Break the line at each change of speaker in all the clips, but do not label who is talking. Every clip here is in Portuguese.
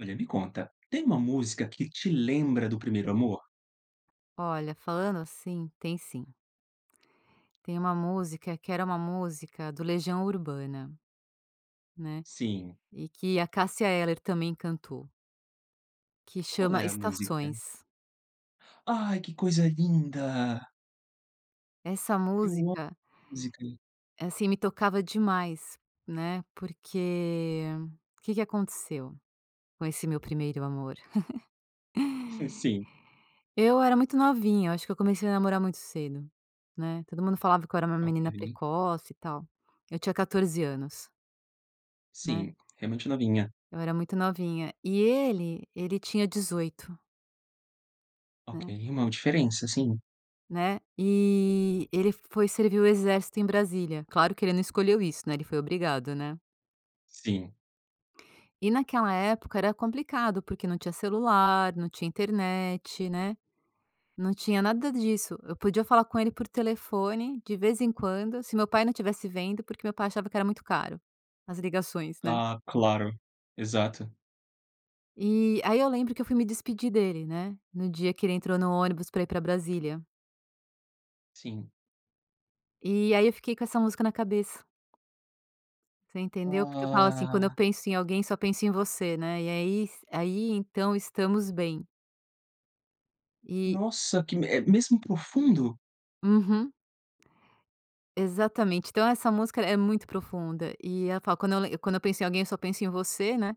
Olha, me conta, tem uma música que te lembra do primeiro amor?
Olha, falando assim, tem sim. Tem uma música que era uma música do Legião Urbana, né,
Sim.
e que a Cássia Eller também cantou. Que
Qual
chama
é a música?
Estações.
Ai, que coisa linda!
Essa
Eu amo
música
[unintelligible] música.
assim me tocava demais, né, porque, o que que aconteceu com esse meu primeiro amor?
Sim, sim.
Eu era muito novinha, eu acho que eu comecei a namorar muito cedo, né, todo mundo falava que eu era uma menina
Ok.
precoce e tal. Eu tinha 14 anos. Né.
Sim, é muito novinha.
Eu era muito novinha e ele, ele tinha 18.
Ok,
Né.
uma diferença, sim.
Né, e ele foi servir o exército em Brasília, claro que ele não escolheu isso, né, ele foi obrigado, né.
Sim.
E naquela época era complicado porque não tinha celular, não tinha internet, né. Não tinha nada disso, eu podia falar com ele por telefone de vez em quando se o meu pai não estivesse vendo, porque meu pai achava que era muito caro, as ligações né.
Ah, claro, exato.
E aí eu lembro que eu fui me despedir dele, né, no dia que ele entrou no ônibus pra ir pra Brasília.
Sim.
E aí eu fiquei com essa música na cabeça. Você entendeu, porque eu falo assim, quando eu
Ah.
penso em alguém só penso em você, né, e aí s aí então estamos bem. E
Nossa, que me é mesmo profundo?
Uhum. Exatamente, então essa música é muito profunda e ela fala quando eu lem quando eu penso em alguém eu só penso em você, né.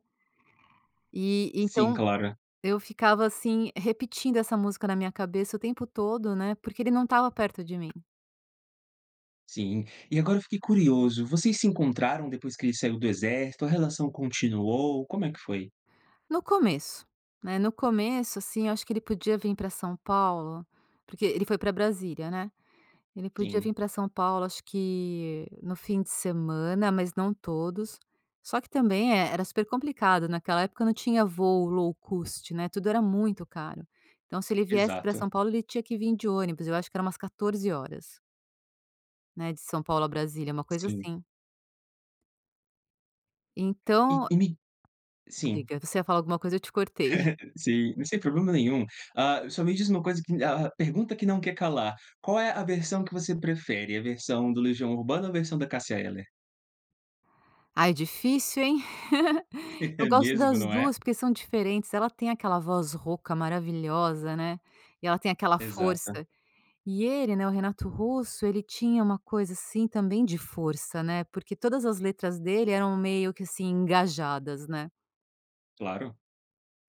E
Sim,
então
claro.
eu ficava assim, repetindo essa música na minha cabeça o tempo todo, né, porque ele não estava perto de mim.
Sim. E agora eu fiquei curioso. Vocês se encontraram depois que ele saiu do exército? A relação continuou? Como é que foi?
No começo, né, no começo assim, eu acho que ele podia vir pra São Paulo, porque ele foi pra Brasília, né, ele podia vir
Sim.
pra São Paulo acho que no fim de semana, mas não todos. Só que também eh, era super complicado naquela época não tinha voo low cost né, tudo era muito caro, então se ele viesse pra
Exato.
São Paulo ele tinha que vir de ônibus, eu acho que era umas 14 horas. Né, de São Paulo a Brasília é uma coisa
Sim.
assim.
E
Então
tu me sim.
Diga, você ia falar alguma coisa eu te cortei.
Sim, sem problema nenhum. Ah, só me diz uma coisa que a a pergunta que não quer calar, qual é a versão que você prefere? A versão do Legião Urbana ou a versão da Cassia Eller?
Ai, difícil hein? Eu
É
gosto
mesmo,
das
não é?
2 porque são diferentes, ela tem aquela voz rouca maravilhosa, né. E ela tem aquela
Exato.
força, e ele, né, o Renato Russo ele tinha uma coisa assim, também de força, né, porque todas as letras dele eram meio que assim, engajadas, né.
Claro,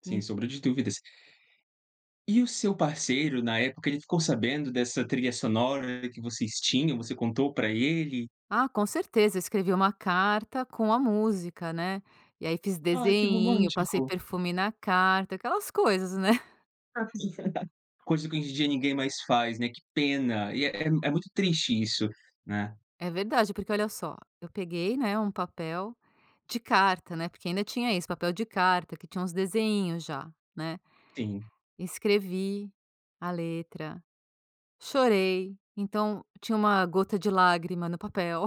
sem
En
sombra de dúvidas. E o seu parceiro, na época ele ficou sabendo dessa trilha sonora que vocês tinham, você contou pra ele?
Ah, com certeza, escrevi uma carta com a música, né, e aí fiz
Ai, que
desenhinho, passei
romântico.
perfume na carta, aquelas coisas, né.
Coisa que hoje em dia ninguém mais faz, né, que pena, e é é é muito triste isso, né?
É verdade, porque olha só, eu peguei, né, um papel de carta, né, porque ainda tinha isso, papel de carta que tinha uns desenhinhos já, né.
Sim.
Escrevi a letra, chorei, então tinha uma gota de lágrima no papel.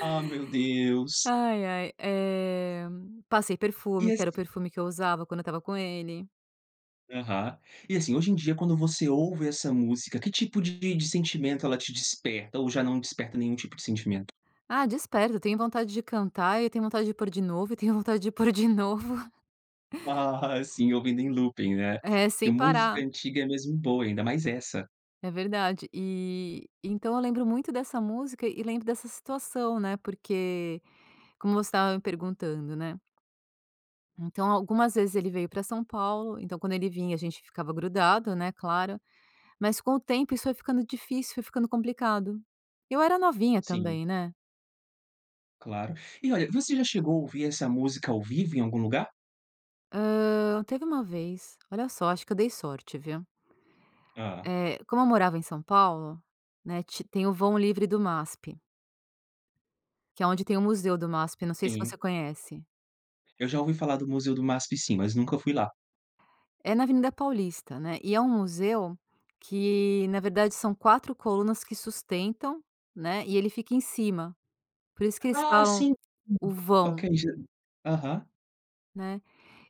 Ah, meu Deus.
Ai, ai, eh, passei
E
perfume, que era o
esse
perfume que eu usava quando eu estava com ele.
Aham. E assim, hoje em dia, quando você ouve essa música, que tipo de sentimento ela te desperta ou já não desperta nenhum tipo de sentimento?
Ah, desperto eu tenho vontade de cantar e eu tenho vontade de pôr de novo e tenho vontade de pôr de novo.
Aham, sim, ouvindo nem looping, né.
É,
Porque
sem
música
parar.
antiga é mesmo boa, ainda mais essa.
É verdade, e então eu lembro muito dessa música e lembro dessa situação, né, porque como você estava me perguntando, né. Então algumas vezes ele veio pra São Paulo então quando ele vinha a gente ficava grudado, né, claro. Mas com o tempo isso foi ficando difícil, foi ficando complicado, eu era novinha
Sim.
também, né.
Claro. E, olha, você já chegou a ouvir essa música, ao vivo, em algum lugar?
Hã, teve uma vez, olha só, acho que eu dei sorte, viu.
Ah.
Eh, como eu morava em São Paulo, né, ti tem o vão livre do MASP que é onde tem o museu do MASP, não sei se você
Sim.
conhece?
Eu já ouvi falar do museu do MASP, sim, mas nunca fui lá.
É na Avenida Paulista, né. E, é um museu, que na verdade são 4 colunas que sustentam, né, e ele fica em cima, por isso, que eles
Ah,
falam,
sim!
o vão.
Ok já. Aham.
Né,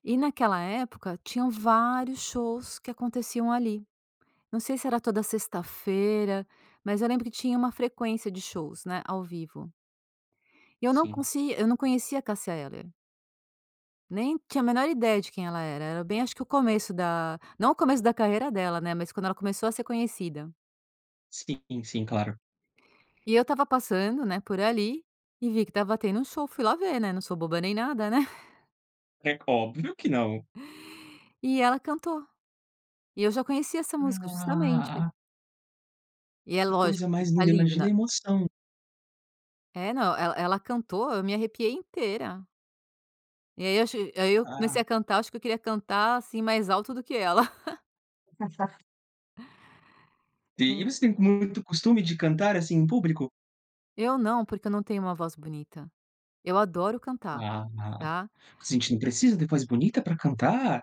e, naquela época, tinham vários shows que aconteciam ali. Não sei se era toda sexta-feira, mas eu lembro que tinha uma frequência de shows, né, ao vivo. E eu não
Sim.
eu não conse conhecia a Cassia Eller nem tinha a menor ideia de quem ela era era bem acho que o começo da, não o começo da carreira dela, né, mas, quando ela começou a ser conhecida.
Sim, sim, claro.
E eu estava passando, né, por ali, e vi que estava tendo um show ,fui lá ver né. Não sou boba nem nada, né.
É óbvio que não.
E ela cantou. E eu já conhecia essa música, justamente.
Ah.
E é
Que coisa
lógico que
mais
tá
linda,
lindo,
imagina
né.
a emoção.
É, não ela ela cantou eu me arrepiei inteira. E aí, eu ach aí eu comecei a
Ah.
cantar, acho que eu queria cantar assim, mais alto do que ela.
Sim, e
Hum.
você tem muito costume de cantar, assim, em público?
Eu não, porque eu não tenho um voz bonita, eu adoro cantar,
Ah ah,
tá.
assim não precisa ter voz bonita pra cantar.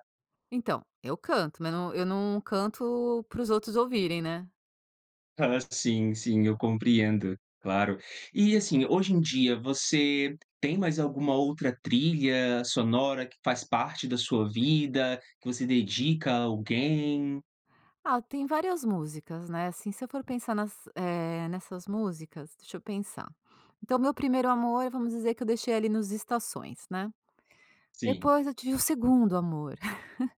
Então, eu canto, mas não eu não canto para os outros ouvirem, né.
Ah, sim, sim, eu compreendo, claro. E assim, hoje em dia, você tem mais alguma outra trilha sonora que faz parte da sua vida, que você dedica a alguém?
Ah, tem várias músicas, né, assim se eu for pensar nas eh, nessas músicas, deixa eu pensar, então meu primeiro amor, vamos dizer que eu deixei ali nos estações, né,
Sim.
depois eu tive o segundo amor.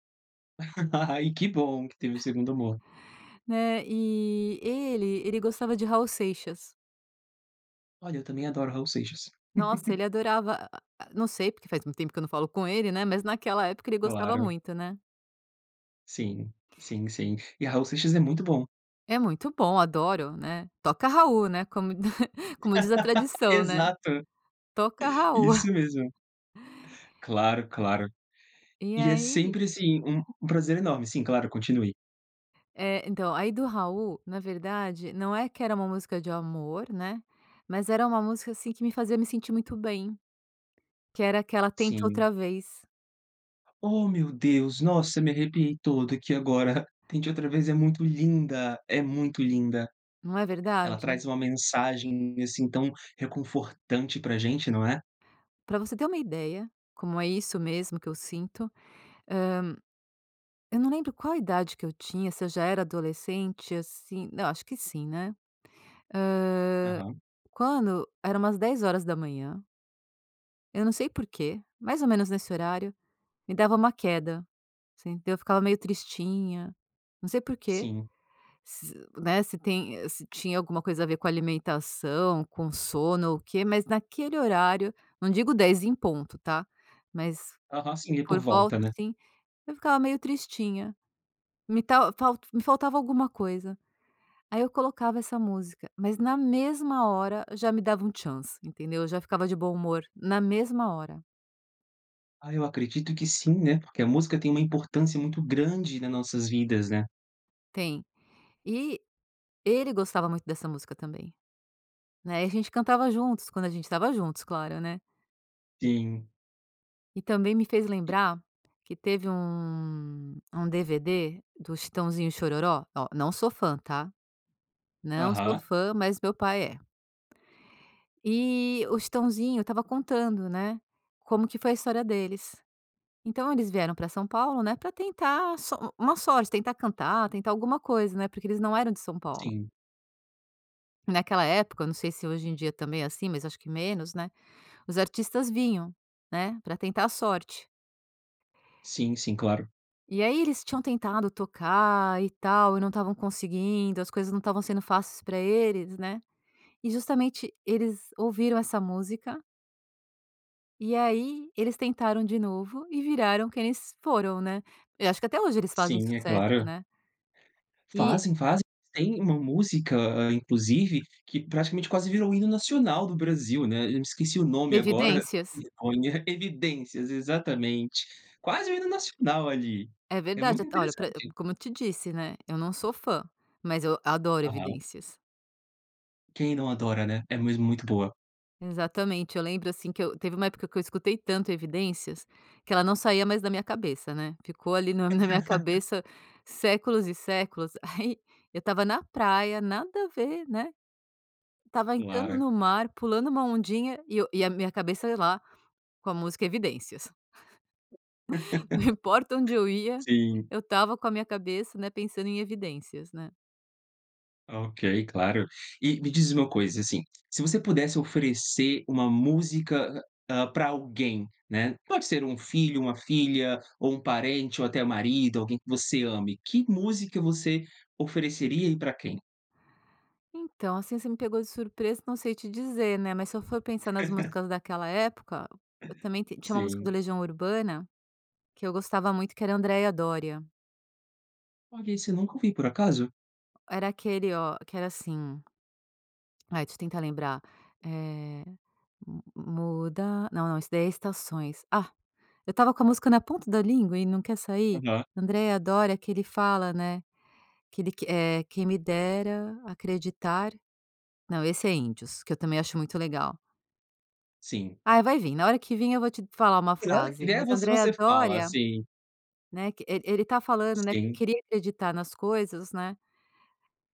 Ai, que bom que teve um 2º amor.
É, e ele ele gostava de Raul Seixas.
Olha, eu também adoro Raul Seixas.
Nossa! Ele adorava a a Não sei, porque faz muito tempo que eu não falo com ele, né. Mas naquela época ele gostava
Claro.
muito, né?
Sim, sim, sim. E Raul Seixas é muito bom.
É muito bom. Adoro, né. "Toca Raul", né, como como diz a tradição, né.
Exato.
"Toca Raul."
Isso mesmo. Claro, claro.
E
E é
aí?
sempre, assim, um um prazer enorme. Sim, claro. Continue.
É, então, aí do Raul, na verdade, não é que era uma música de amor, né, mas era uma música, assim, que me fazia me sentir muito bem, que era aquela Tente
Sim.
Outra Vez.
Oh, meu Deus. Nossa, eu me arrepiei todo aqui agora. Tente Outra Vez é muito linda, é muito linda.
Não é
Ela
verdade?
traz uma mensagem, assim, tão reconfortante para a gente, não é?
Para você ter uma ideia, como é isso mesmo que eu sinto: Hã, eu não lembro qual idade que eu tinha, se eu já era adolescente, assim Não, eu acho que sim, né. Hã,
Aham.
quando era umas 10h. eu não sei porquê, mais ou menos nesse horário, me dava uma queda, assim, eu ficava meio tristinha, não sei porquê,
Sim.
se né, se tem se tinha alguma coisa a ver com alimentação, com sono ou o quê, mas naquele horário, não digo 10h em ponto, tá? Mas
Aham. Sim, é por
por volta,
volta, né?
assim, eu ficava meio tristinha. Me [unintelligible] fal me faltava alguma coisa. Aí eu colocava essa música, mas na mesma hora já me dava um tcham, assim, entendeu? Eu já ficava de bom humor na mesma hora.
Ah, eu acredito que sim, né, porque a música tem uma importância muito grande nas nossas vidas, né?
Tem. E ele gostava muito dessa música também, né, e a gente cantava juntos quando a gente estava juntos, claro, né?
Sim.
E também me fez
E
lembrar que teve um um DVD do Chitãozinho e Xororó, Ó, não sou fã, tá? Não sou
Aham.
fã, mas meu pai é. E o Chitãozinho estava contando, né, como que foi a história deles. Então, eles vieram para São Paulo, né, para tentar a sor uma sorte. Tentar cantar, tentar alguma coisa, né, porque eles não eram de São Paulo.
Sim.
Naquela época, eu não sei se hoje em dia também é assim, mas acho que menos, né? Os artistas vinham, né, para tentar a sorte.
Sim, sim. Claro.
E aí eles tinham tentado tocar e tal, e não estavam conseguindo. As coisas não estavam sendo fáceis para eles, né? E justamente eles ouviram essa música e aí eles tentaram de novo e viraram quem eles foram, né? Eu acho que até hoje eles fazem
Sim. É
sucesso,
claro.
né? E
Fazem, fazem. Tem uma música, hã, inclusive, que praticamente quase virou o hino nacional do Brasil, né. Eu me esqueci o nome agora.
Evidências?
[unintelligible] Evidências! Exatamente. Quase o hino nacional ali.
É
É
verdade.
muito
Até Olha, para e
interessante.
Como eu te disse, né? Eu não sou fã, mas eu adoro
Aham.
Evidências.
Quem não adora, né? É mesmo muito boa.
Exatamente, eu lembro, assim, que eu teve uma época que eu escutei tanto Evidências que ela não saía mais da minha cabeça, né? Ficou ali no na minha cabeça séculos e séculos, aí eu estava na praia, nada a ver, né, estava entrando
Claro.
no mar, pulando uma ondinha e eu e a minha cabeça lá com a música Evidências. Não importa onde eu ia,
Sim.
eu estava com a minha cabeça, né, pensando em Evidências, né?
Ok, claro. E me diz uma coisa, assim, se você pudesse oferecer uma música, ah, para alguém, né, pode ser um filho, uma filha, ou um parente, ou até marido, alguém que você ame, que música você ofereceria e para quem?
Então, assim, você me pegou de surpresa, não sei te dizer, né, mas se eu for pensar nas músicas daquela época, eu também t tinha uma música do
Sim.
Legião Urbana que eu gostava muito, que era a Andreia Dória.
Olha, esse eu nunca ouviu, por acaso.
Era aquele, oh, que era assim Ai, deixa eu tentar lembrar, eh, hum hum. "Muda" Não não, isso daí é Estações. Ah, eu estava com a música na ponta da língua e não quer sair.
Aham.
Andreia Doria, que ele fala, né, que ele que, eh: "Quem me dera acreditar." Não, esse é Índios, que eu também acho muito legal.
Sim.
Ai, vai vim. Na hora que vim, eu vou te falar uma
Tem hora que
frase,
[unintelligible]
mas a
você
Andreia
você fala,
Doria,
assim.
né, que ele ele está falando, né, que
Sim.
queria acreditar nas coisas, né,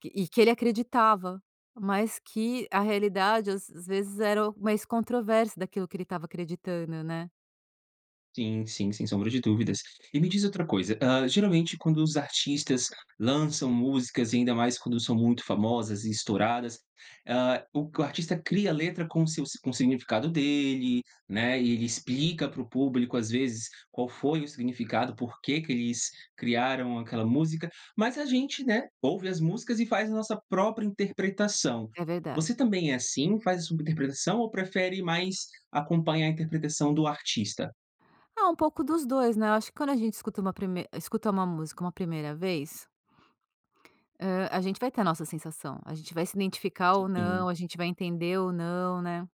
que e que ele acreditava, mas que a realidade às às vezes era o mais controverso daquilo que ele estava acreditando, né?
Sim, sim, sem sombra de dúvidas. E me diz outra coisa, hã, geralmente quando os artistas lançam músicas e ainda mais quando são muito famosas e estouradas, hã, o artista cria letra com seus com significado dele, né, ele explica para o público, às vezes, qual foi o significado, por que que eles criaram aquela música, mas a gente, né, ouve as músicas e faz a nossa própria interpretação.
É
Você
verdade.
também é assim, faz a sua interpretação ou prefere mais acompanhar a interpretação do artista?
Ah, um pouco dos 2, né? Eu acho que quando a gente escuta uma prime escuta uma música uma primeira vez hã, a gente vai ter a nossa sensação, a gente vai se identificar ou não,
[unintelligible]
a gente vai entender ou não, né?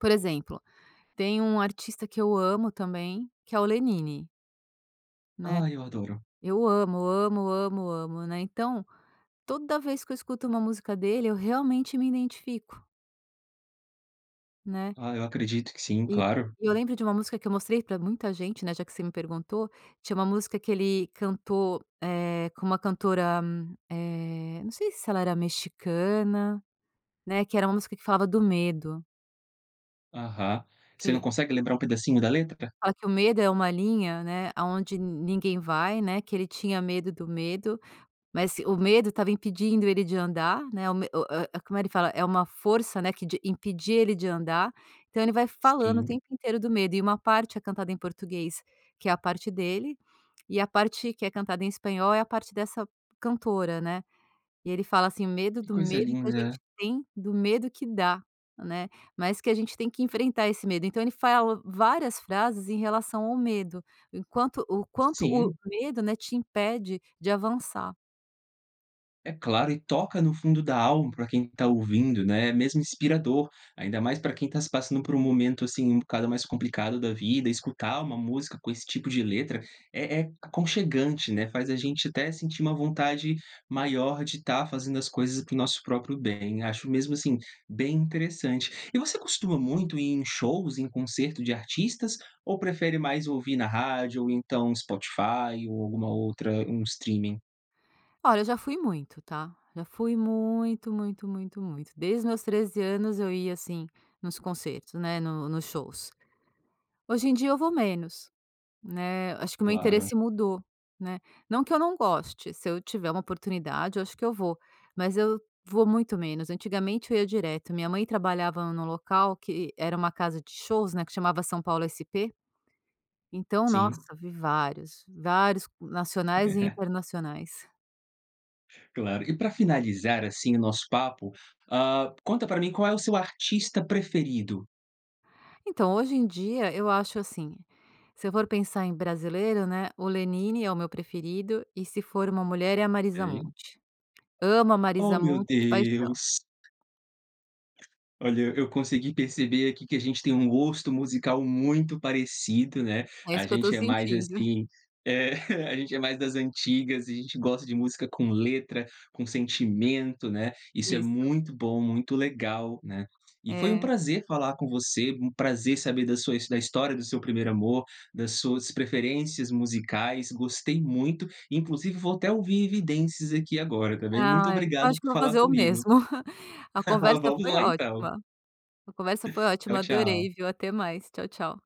Por exemplo: tem um artista que eu amo também que é o Lenine. Né,
Ah, eu adoro.
eu amo, amo, amo, amo, né. Então, toda vez que eu escuto uma música dele eu realmente me identifico. Né.
Ah, eu acredito que sim,
E
claro.
eu lembro de uma música que eu mostrei pra muita gente, né, já que você me perguntou, tinha uma música que ele cantou, eh, com uma cantora, eh, não sei se ela era mexicana, né, que era uma música que falava do medo.
Aham. Você não
Querer.
consegue lembrar um pedacinho da letra pra
Fala que o medo é uma linha, né, aonde ninguém vai, né, que ele tinha medo do medo, mas o medo estava impedindo ele de andar, né, o me o o como ele fala, é uma força, né, que de impedia ele de andar. Então ele vai falando o
Sim.
tempo inteiro do medo e uma parte é cantada em português, que é a parte dele, e a parte que é cantada em espanhol é a parte dessa cantora, né. E ele fala assim: "O medo
Que
do
coisa
medo que a gente
linda.
tem do medo que dá", né, mas que a gente tem que enfrentar esse medo, então ele fala várias frases em relação ao medo, enquanto o quanto o
Sim.
medo, né, te impede de avançar.
É claro, e toca no fundo da alma para quem está ouvindo, né, é mesmo inspirador, ainda mais para quem está se passando por um momento, assim, um bocado mais complicado da vida, escutar uma música com esse tipo de letra é é aconchegante, né. Faz a gente até sentir uma vontade maior de estar fazendo as coisas para o nosso próprio bem. Acho mesmo assim, bem interessante. E você costuma muito ir em shows, em concerto de artistas ou prefere mais ouvir na rádio, ou, então, Spotify ,ou alguma outra um streaming?
Olha, eu já fui muito, tá, já fui muito, muito, muito, muito. Desde os meus 13 anos, eu ia, assim, nos concertos, né, no nos shows. Hoje em dia eu vou menos, né, acho que o meu
Claro.
interesse mudou, né. Não que eu não goste, se eu tiver uma oportunidade eu acho que eu vou, mas eu vou muito menos. Antigamente eu ia direto. Minha mãe trabalhava num local que era uma casa de shows, né, que chamava São Paulo SP. Então, nossa,
Sim.
vi vários, vários nacionais e
É
internacionais.
Claro. E pra finalizar, assim, o nosso papo, hã, conta pra mim qual é o seu artista preferido?
Então, hoje em dia eu acho assim, se eu for pensar em brasileiro, né, o Lenini é o meu preferido, e ,se for uma mulher, é a Marisa
Sim.
Monte. Amo a Marisa
Oh meu
Monte de paixão.
Deus! Olha eu consegui perceber aqui que a gente tem um gosto musical muito parecido, né.
É
A
isso que eu estou
gente é mais
sentindo.
assim É. A gente é mais das antigas e a gente gosta de música com letra, com sentimento, né, Isso é
Isso.
muito bom, muito legal, né. E foi um
É.
prazer falar com você. Um prazer saber da sua da história do seu primeiro amor, das suas preferências musicais. Gostei muito! Inclusive vou até ouvir Evidências aqui agora também. Muito
Ai, eu
obrigado
acho que
por
vou
falar
fazer o
comigo.
mesmo. A conversa
Vamos
foi
lá, então.
ótima. A conversa foi
Tchau,
ótima.
tchau.
Adorei, viu. Até mais. Tchau, tchau.